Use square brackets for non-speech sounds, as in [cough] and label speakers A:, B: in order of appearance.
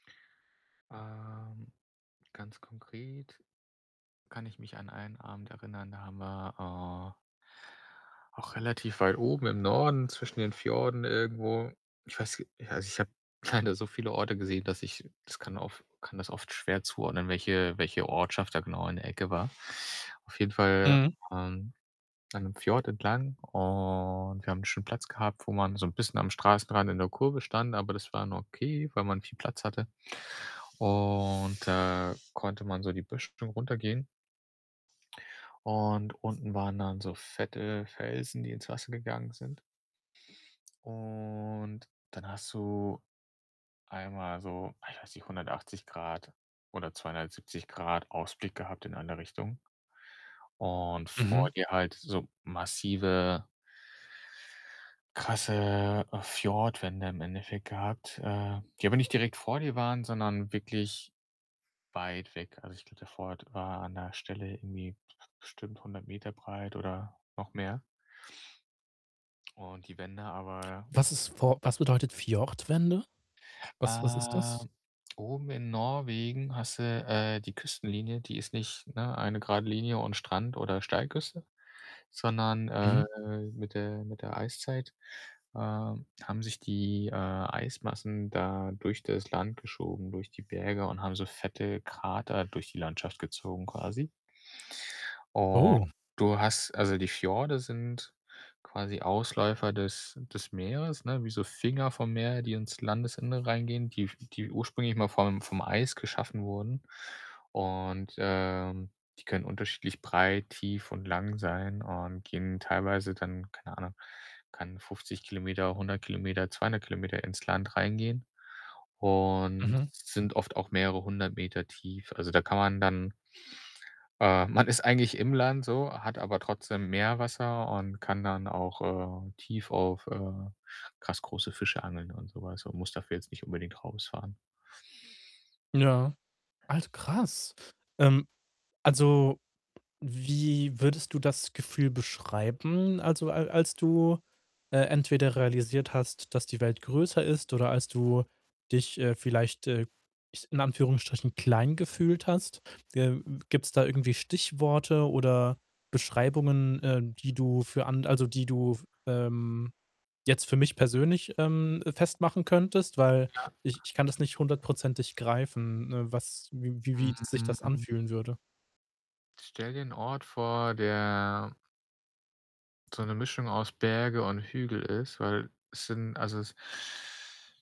A: Ähm. Ganz konkret kann ich mich an einen Abend erinnern, da haben wir, äh auch relativ weit oben im Norden zwischen den Fjorden irgendwo ich weiß äh, ja, also, ich habe leider so viele Orte gesehen, dass ich das kann of kann das oft schwer zuordnen, welche welche Ortschaft da genau in der Ecke war. Auf jeden Fall,
B: Mhm.
A: ähm, an 'nem Fjord entlang und wir haben 'n schönen Platz gehabt, wo man so 'n bisschen am Straßenrand in der Kurve stand, aber das war n okay, weil man viel Platz hatte. Und da konnte man so die Böschung runtergehen. Und unten waren dann so fette Felsen, die ins Wasser gegangen sind. Und dann hast du einmal so ach, weiß nicht, 180 Grad oder 270 Grad Ausblick gehabt in eine Richtung. Und vor
B: Mhm.
A: dir halt so massive krasse, äh, Fjordwände im Endeffekt gehabt. Äh, die aber nicht direkt vor dir waren, sondern wirklich weit weg. Also, ich glaube, der Fjord war an der Stelle irgendwie best bestimmt 100 m breit oder noch mehr. Und die Wände aber
B: Was ist For was bedeutet Fjordwände? Was was ist das?
A: ähm, oben in Norwegen hast du, äh, die Küstenlinie. Die ist nicht, ne, eine gerade Linie und Strand oder Steilküste, sondern, äh,
B: Mhm.
A: mit der mit der Eiszeit, äh, haben sich die, äh, Eismassen da durch das Land geschoben, durch die Berge und haben so fette Krater durch die Landschaft gezogen quasi. Und
B: Oh.
A: du hast also, die Fjorde sind quasi Ausläufer des des Meeres, ne, wie so Finger vom Meer, die ins Landesinnere reingehen, die f die ursprünglich mal vom vom Eis geschaffen wurden. Und, äh, die können unterschiedlich breit, tief und lang sein und gehen teilweise dann keine Ahnung, kann 50 km, 100 km, 200 km ins Land reingehen. Und
B: Mhm.
A: sind oft auch mehrere 100 m tief. Also, da kann man dann äh, man ist eigentlich im Land so, hat aber trotzdem Meerwasser und kann dann auch, äh, tief auf, äh krass große Fische angeln und so was und muss dafür jetzt nicht unbedingt rausfahren.
B: Ja, Alt krass. Ähm, also, wie würdest du das Gefühl beschreiben, also, al als du, äh, entweder realisiert hast, dass die Welt größer ist oder als du dich, äh, vielleicht, äh [unintelligible] in Anführungsstrichen, klein gefühlt hast? Äh, äh, gibt's da irgendwie Stichworte oder Beschreibungen, äh, die du für an also, die du f ähm, jetzt für mich persönlich, ähm, festmachen könntest? Weil
A: Ja.
B: ich ich kann das nicht hundertprozentig greifen, äh, was wie wie wie sich das
A: Mhm.
B: anfühlen würde.
A: Stell dir 'n Ort vor, der so 'ne Mischung aus Berge und Hügel ist, weil es sind also, es